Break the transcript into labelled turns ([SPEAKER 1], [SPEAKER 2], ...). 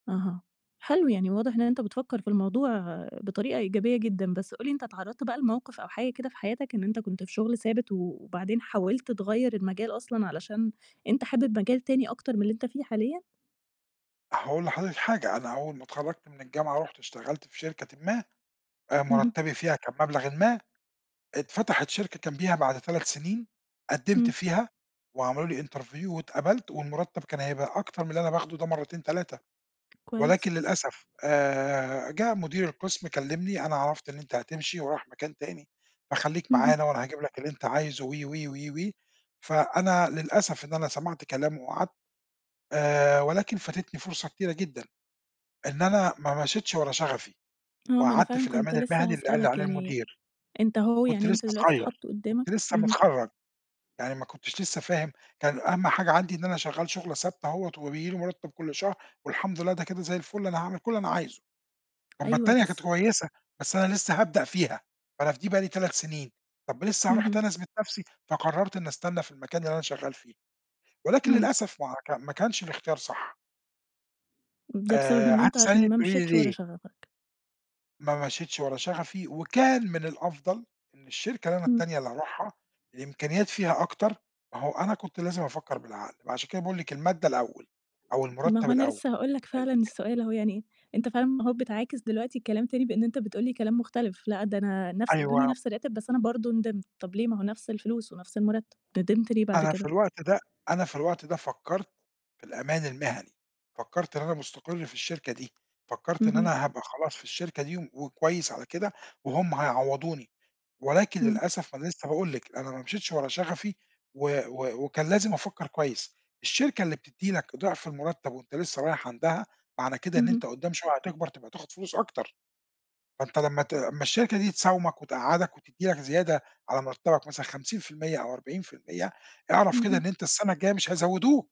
[SPEAKER 1] أها، حلو يعني واضح إن أنت بتفكر في الموضوع بطريقة إيجابية جدًا، بس قُل لي أنت اتعرضت بقى لموقف أو حاجة كده في حياتك إن أنت كنت في شغل ثابت، وبعدين حاولت تغيّر المجال أصلًا علشان، أنت حابب مجال تاني أكتر من اللي أنت فيه حاليًا؟
[SPEAKER 2] هاقول لحضرتِك حاجة، أنا اوّل ما اتخرجت من الجامعة رُحت اشتغلت في شركةٍ ما، آآ
[SPEAKER 1] اهم.
[SPEAKER 2] مُرتّبي فيها كان مبلغٍ ما، اتفتحت شركة جمبيها بعد 3 سنين، قدمت
[SPEAKER 1] امم.
[SPEAKER 2] فيها، وعملوا لي interview واتقبلت، والمرتب كان هيبقى أكتر من اللي أنا باخده ده مرّتين 3،
[SPEAKER 1] كويس.
[SPEAKER 2] ولكن للأسف آآ جه مدير القسم كلّمني أنا عرفت إن أنت هتمشي ورايح مكان تاني، فخليك
[SPEAKER 1] اهم.
[SPEAKER 2] معانا، وأنا هاجيب لك اللي أنت عايزه و و و و فأنا للأسف إن أنا سَمعت كلامه وقعدت، آآ ولكن فاتتني فرصة كتيرة جدًا، إن أنا ما مشيتش ورا شغفي،
[SPEAKER 1] آه ما أنا
[SPEAKER 2] وقعدت
[SPEAKER 1] فعلًا
[SPEAKER 2] في
[SPEAKER 1] كنت
[SPEAKER 2] الأمان
[SPEAKER 1] لسّه
[SPEAKER 2] المهني اللي قال لي
[SPEAKER 1] هاسألك
[SPEAKER 2] عليه
[SPEAKER 1] يعني،
[SPEAKER 2] المدير.
[SPEAKER 1] أنت أهو
[SPEAKER 2] كُنت
[SPEAKER 1] يعني
[SPEAKER 2] لسّه
[SPEAKER 1] أنت دلوقتي
[SPEAKER 2] صغيّر،
[SPEAKER 1] اتحط
[SPEAKER 2] كُنت
[SPEAKER 1] قدّامك،
[SPEAKER 2] لسّه
[SPEAKER 1] اهم.
[SPEAKER 2] مِتخرّج، يعني ما كٌنتش لسّه فاهم، كان أهم حاجة عندي إن أنا شغّال شُغلة ثابتة أهوة وبييجي لي مُرتّب كل شهر، والحمد لله ده كده زي الفل أنا هاعمل كل اللي أنا عايزه، أمّا
[SPEAKER 1] أيوه
[SPEAKER 2] التانية
[SPEAKER 1] بس
[SPEAKER 2] كانت كويّسة، بس أنا لسّه هابدأ فيها، فأنا في دي بقى لي 3 سنين، طَب لسّه هاروح
[SPEAKER 1] اهم.
[SPEAKER 2] تاني أثبت نفْسي، فقررت إنّي أستنى في المكان اللي أنا شغّال فيه، ولكن
[SPEAKER 1] امم.
[SPEAKER 2] للأسف ما هو ك ما كانش الاختيار صح.
[SPEAKER 1] ده بسبب
[SPEAKER 2] آآ
[SPEAKER 1] إن أنت عشان
[SPEAKER 2] هتسأليني
[SPEAKER 1] ما
[SPEAKER 2] تقولي لي
[SPEAKER 1] مشيتش ورا
[SPEAKER 2] ليه؟
[SPEAKER 1] شغفك.
[SPEAKER 2] ما مشيتش ورا شغفي وكان من الأفضل، إن الشركة اللي أنا
[SPEAKER 1] امم.
[SPEAKER 2] التانية اللي هاروحها، الإمكانيات فيها أكتر، ما هو أنا كنت لازم أفكّر بالعقل، ما عشان كده باقول لِك المادة الأوّل، أو
[SPEAKER 1] ما
[SPEAKER 2] المُرتّب
[SPEAKER 1] هو أنا
[SPEAKER 2] الأوّل
[SPEAKER 1] لسّه هاقول لك
[SPEAKER 2] ال
[SPEAKER 1] فعلًا
[SPEAKER 2] ال
[SPEAKER 1] السؤال أهو يعني، أنت فعلًا ما أهو بتعاكس دلوقتي الكلام تاني بإن أنت بتقول لي كلام مُختلف، لأ ده أنا نَفْس ادوني
[SPEAKER 2] أيوه.
[SPEAKER 1] نَفْس الراتب بس أنا برضه ندمت، طَب ليه ما هو نَفْس الفلوس ونفْس المرتب، ندمت ليه بعد
[SPEAKER 2] أنا في
[SPEAKER 1] كده؟
[SPEAKER 2] الوقت ده أنا في الوقت ده فكّرت، في الأمان المهني، فكرّت إن أنا مُستقر في الشركة دي، فكرّت إن
[SPEAKER 1] اهم.
[SPEAKER 2] أنا هابقى خلاص في الشركة دي وكويّس على كده، وهُم هيعوضوني، ولكن
[SPEAKER 1] امم.
[SPEAKER 2] للأسف أنا لسّه باقول لِك، أنا ما مشيتش ورا شغفي، و و وكان لازم أفكّر كويّس، الشركة اللي بتدِّي لك ضعف المُرتّب وأنت لسّه رايح عندها، معنى كده إن
[SPEAKER 1] اهم.
[SPEAKER 2] أنت قُدّام شويّة هتكبر تبقى تاخد فلوس أكتر، فأنت لمّا ت لمّا الشركة دي تساومك وتقعّدك وتدّي لك زيادة، على مرتبك مثلًا 50% أو 40% أعرف كده إن
[SPEAKER 1] اهم.
[SPEAKER 2] أنت السنة الجايّة مش هيزودوك.